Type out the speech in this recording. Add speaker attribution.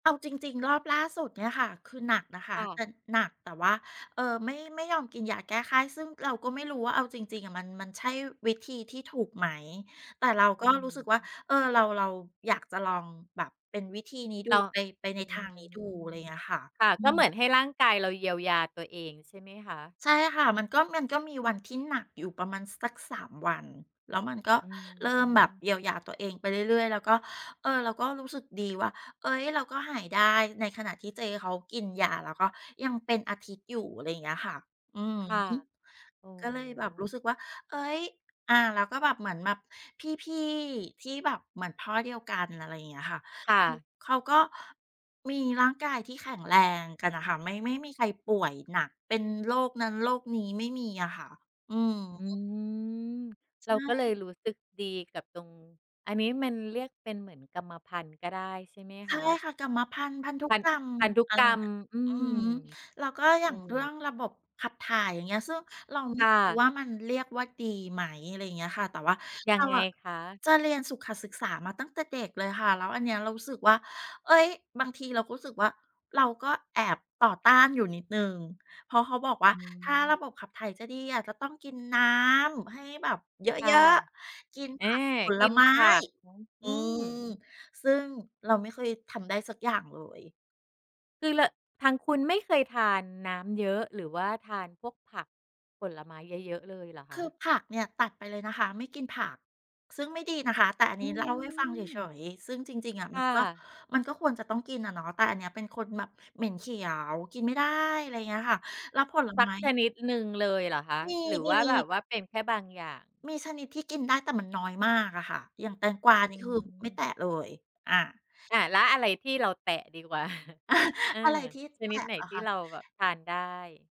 Speaker 1: เอาจริง ๆ รอบล่าสุดเนี่ยค่ะ คือหนักนะคะ
Speaker 2: ค่
Speaker 1: แต่
Speaker 2: ะ
Speaker 1: หนัก แต่ว่า เอ่อ ไม่ ไม่ยอมกินยาแก้ไข้ ซึ่งเราก็ไม่รู้ว่า เอาจริง ๆ อะ มัน มันใช่วิธีที่ถูกไหม แต่เราก
Speaker 2: อ
Speaker 1: ็
Speaker 2: ือ
Speaker 1: รู้สึกว่
Speaker 2: ฮ
Speaker 1: า
Speaker 2: ึ
Speaker 1: เอ่อ เรา เราอยากจะลองแบบเป็นวิธีนี้ดู
Speaker 2: เราอ
Speaker 1: ไ
Speaker 2: ะ
Speaker 1: ป ไปใน
Speaker 2: อ
Speaker 1: ท
Speaker 2: ื
Speaker 1: างนี้ดู อะไร
Speaker 2: ม
Speaker 1: เงี้ยค่ะ
Speaker 2: ค่ะ
Speaker 1: อื
Speaker 2: ก็เห
Speaker 1: ม
Speaker 2: มือนให้ร่างกายเราเยียวยาตัวเองใช่ไหมคะ?
Speaker 1: ใช่ค่ะ มันก็ มันก็มีวันที่หนักอยู่ประมาณสัก 3 วัน แล้วมัน ก็
Speaker 2: อื
Speaker 1: เริ่มแบบ
Speaker 2: ม
Speaker 1: เยียวยาตัวเองไปเรื่อย ๆ แล้วก็ เออ เราก็รู้สึกดีว่า เอ๊ย เราก็หายได้ ในขณะที่เจ๊เขากินยา แล้วก็ยังเป็นอาทิตย์อยู่ อะไรอย่างเงี้ยค่ะ อือ
Speaker 2: ค่ะ
Speaker 1: ฮึ
Speaker 2: โอ้
Speaker 1: ก็เลยแบบรู้สึกว่า เอ๊ย อ่า แล้วก็แบบเหมือนแบบพี่ ๆ ที่แบบ เหมือนพ่อเดียวกัน อะไรเงี้ยค่ะ
Speaker 2: ค่ะ
Speaker 1: เขาก็มีร่างกายที่แข็งแรงกันน่ะค่ะ ไม่ ไม่มีใครป่วยหนัก เป็นโรคนั้น โรคนี้ ไม่มีอะค่ะ อือ
Speaker 2: อื
Speaker 1: ฮึ
Speaker 2: ม
Speaker 1: ใช
Speaker 2: เราก็เลย
Speaker 1: ่
Speaker 2: รู้สึกดีกับตรง อันนี้มันเรียกเป็นเหมือนกรรมพันธุ์ ก็ได้ใช่ไหม
Speaker 1: ใช
Speaker 2: ค
Speaker 1: ่
Speaker 2: ะ?
Speaker 1: ค่ะ กรรมพันธุ์ พันธุ
Speaker 2: พัน
Speaker 1: กรรม
Speaker 2: พันธุ
Speaker 1: อะไร
Speaker 2: กรร
Speaker 1: เง
Speaker 2: ม
Speaker 1: ี้ย
Speaker 2: อื
Speaker 1: อือฮ
Speaker 2: ม
Speaker 1: ึ แล้วก็อย
Speaker 2: โ
Speaker 1: ่
Speaker 2: อ
Speaker 1: าง
Speaker 2: ้โ
Speaker 1: เรื่อ
Speaker 2: ฮ
Speaker 1: งระบบขับถ่าย อย่างเงี้ย ซึ่งเรา ไม
Speaker 2: ค
Speaker 1: ่
Speaker 2: ่
Speaker 1: รู้
Speaker 2: ะ
Speaker 1: ว่า มันเรียกว่า ดีไหม อะไรอย่างเงี้ยค่ะ แต่ว่า
Speaker 2: ยั
Speaker 1: เรา
Speaker 2: งไง
Speaker 1: อะ
Speaker 2: คะ?
Speaker 1: จะเรียนสุขศึกษามาตั้งแต่เด็กเลยค่ะ แล้วอันนี้เรารู้สึกว่า เฮ่ย บางทีเรารู้สึกว่า เราก็แอบต่อต้านอยู่นิดหนึ่ง เพราะเขาบอกว่
Speaker 2: อ
Speaker 1: า
Speaker 2: ื
Speaker 1: ถ้า
Speaker 2: ม
Speaker 1: ระบบขับถ่ายจะดีอะจะต้องกินน้ำให้แบบเย
Speaker 2: ค่ะ
Speaker 1: อะ ๆ กิน
Speaker 2: เอ
Speaker 1: ผ
Speaker 2: ๊
Speaker 1: ักผ
Speaker 2: ก
Speaker 1: ล
Speaker 2: ิน
Speaker 1: ไม
Speaker 2: ผ
Speaker 1: ้
Speaker 2: ัก หือ อ
Speaker 1: อื
Speaker 2: ือ
Speaker 1: ม ซึ่งเราไม่เคยทำได้สักอย่างเลย
Speaker 2: คือแล้ว ทางคุณไม่เคยทานน้ำเยอะ หรือว่าทานพวกผัก ผลไม้เยอะ ๆ เลยเหรอ
Speaker 1: ค
Speaker 2: ค
Speaker 1: ื
Speaker 2: ะ?
Speaker 1: อผักเนี่ยตัดไปเลยนะคะ ไม่กินผัก ซึ่งไม่ดีนะคะ แต่อัน
Speaker 2: อ
Speaker 1: น
Speaker 2: ื
Speaker 1: ี้เล่าให้ฟังเฉ
Speaker 2: ม
Speaker 1: ย ๆ ซึ่งจริง ๆ อะ
Speaker 2: ค
Speaker 1: มั
Speaker 2: ่
Speaker 1: นก็
Speaker 2: ะ
Speaker 1: มันก็ควรจะต้องกินอะเนาะ แต่อันนี้เป็นคนแบบเหม็นเขียว กินไม่ได้ อะไรเงี้ยค่ะ แล้วผล
Speaker 2: ส
Speaker 1: ไ
Speaker 2: ั
Speaker 1: ม
Speaker 2: ก
Speaker 1: ้
Speaker 2: ช
Speaker 1: นี้
Speaker 2: นิดหนึ่งเลยเหรอคะ
Speaker 1: มี
Speaker 2: หรือ
Speaker 1: ม
Speaker 2: ว
Speaker 1: ี
Speaker 2: ่า
Speaker 1: มี
Speaker 2: แบบว่าเป็นแค่บางอย่าง?
Speaker 1: มีชนิดที่กินได้ แต่มันน้อยมากอะค่ะ อย่างแตงกวา
Speaker 2: อ
Speaker 1: น
Speaker 2: ื
Speaker 1: ี่ คือไม่แ
Speaker 2: ม
Speaker 1: ตะเลย อา
Speaker 2: อา แล้วอะไรที่เราแตะดีกว่า? เออ
Speaker 1: อะไรที่
Speaker 2: ช
Speaker 1: แต
Speaker 2: นิด
Speaker 1: ะ
Speaker 2: ไหน
Speaker 1: หรอ
Speaker 2: ที
Speaker 1: ค
Speaker 2: ่
Speaker 1: ะ?
Speaker 2: เราแบบทานได้?